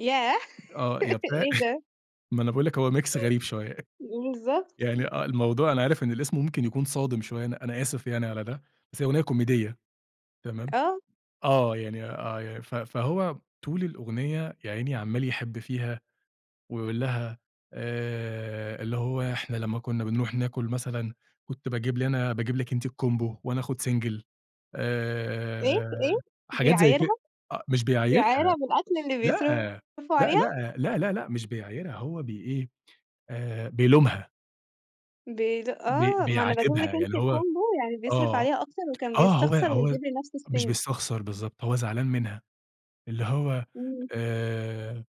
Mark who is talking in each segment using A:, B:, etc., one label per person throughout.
A: ياه!
B: آه، يا بتاع
A: إيه ده؟
B: ما أنا باقول لِك هو Mix غريب شوية،
A: بالضبط.
B: يعني آه الموضوع أنا عارف إن الاسم ممكن يكون صادم شوية أنا أنا آسف يعني على ده، بس هي أغنية كوميدية تمام،
A: آه.
B: آه، يعني آه، ف فهو طول الأغنية يا عيني عمّال يحب فيها ويقول لها آآ، اللي هو إحنا لما كنا بنروح ناكل مثلًا كنت باجيب لنا أنا باجيب لِك أنتِ الCombo وأنا آخد single
A: إيه؟ إيه؟
B: آآ، حاجات زي ك
A: بيعايرها؟
B: أ مش
A: بيعايرها
B: بيعايرها
A: بالأكل اللي
B: لأ،
A: بيصرفه
B: لأ،
A: عليها؟
B: لأ، لأ، لأ، لأ، مش بيعايرها هو بي إيه آآ بيلومها.
A: بي
B: بي
A: آه، ما أنا باجيب
B: بيعاتبها،
A: لك
B: يعني اللي
A: أنتِ
B: هو
A: Combo يعني بيصرف
B: آه،
A: عليها أكتر وكان
B: آه، هو
A: بيستخسر
B: هو
A: ويجيب لنفسه
B: مش
A: الSingle.
B: بيستخسر بالضبط هو زعلان منها، اللي هو
A: إمم.
B: آآ،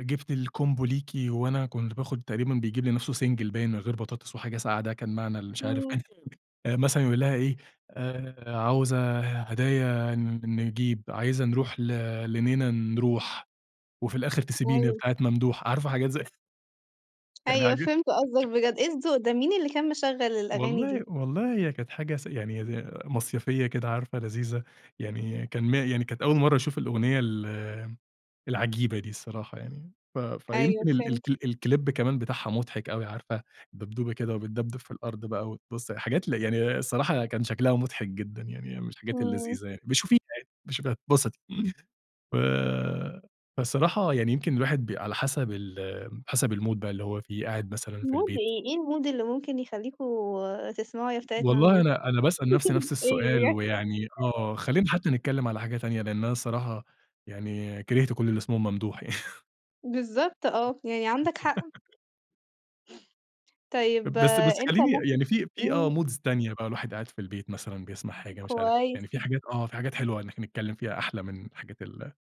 B: جِبت الCombo ليكِ وأنا كنت باخد تقريبًا بيجيب لنفسه single باين من غير بطاطس وحاجة ساقعة ده كان معنى المش عارف
A: إمم.
B: آآ، مثلًا يقول لها إيه آآ، عاوزة هدايا نجيب عايزة نروح ل لنينه نروح، وفي الآخر تسيبيني يا
A: أيوه.
B: بتاعة ممدوح عارفة حاجات زي.
A: أيوه
B: يعني
A: فهِمت قصدك بجد، إيه
B: [unintelligible]
A: الذوق ده، مين اللي كان مشغل الأغاني دي؟
B: والله والله هي كانت حاجة س يعني ي مصيفية كده عارفة لذيذة، يعني كان م يعني كانت أول مرة أشوف الأغنية ال العجيبة دي الصراحة يعني ف
A: أيوه
B: فيمكن ال
A: فهِمت.
B: الك الClip كمان بتاعها مضحك أوي عارفة دبدوبة كده وبتدبدب في الأرض بقى وتبُص حاجات ل يعني الصراحة كان شكلها مضحك جدًا، يعني من الحاجات
A: إمم.
B: اللذيذة يعني ابقي شوفيها يعني ابقي شوفيها هتتبسطي، ف فالصراحة يعني يمكن الواحد ب على حسب ال حسب الMood بقى اللي هو فيه قاعد مثلًا في
A: Mood
B: البيت.
A: إيه، إيه الMood اللي ممكن يخليكم تسمعوا يا بتاعة
B: والله
A: ممدوح؟
B: أنا أنا باسأل نفسي نفس
A: إيه
B: السؤال
A: بجد.
B: ويعني آه خلينا حتى نتكلم على حاجة تانية لأن أنا الصراحة يعني كرهت كل اللي اسمهم ممدوح يعني.
A: بالضبط آه، يعني عندك حق. طيب
B: بس
A: آآ،
B: بس
A: أنت
B: خليني
A: مثلًا
B: يعني في في آه
A: إمم.
B: moods تانية بقى الواحد قاعد في البيت مثلًا بيسمع حاجة مش عارف
A: كويس.
B: يعني في حاجات آه، في حاجات حلوة إن إحنا نتكلم فيها أحلى من حاجات ال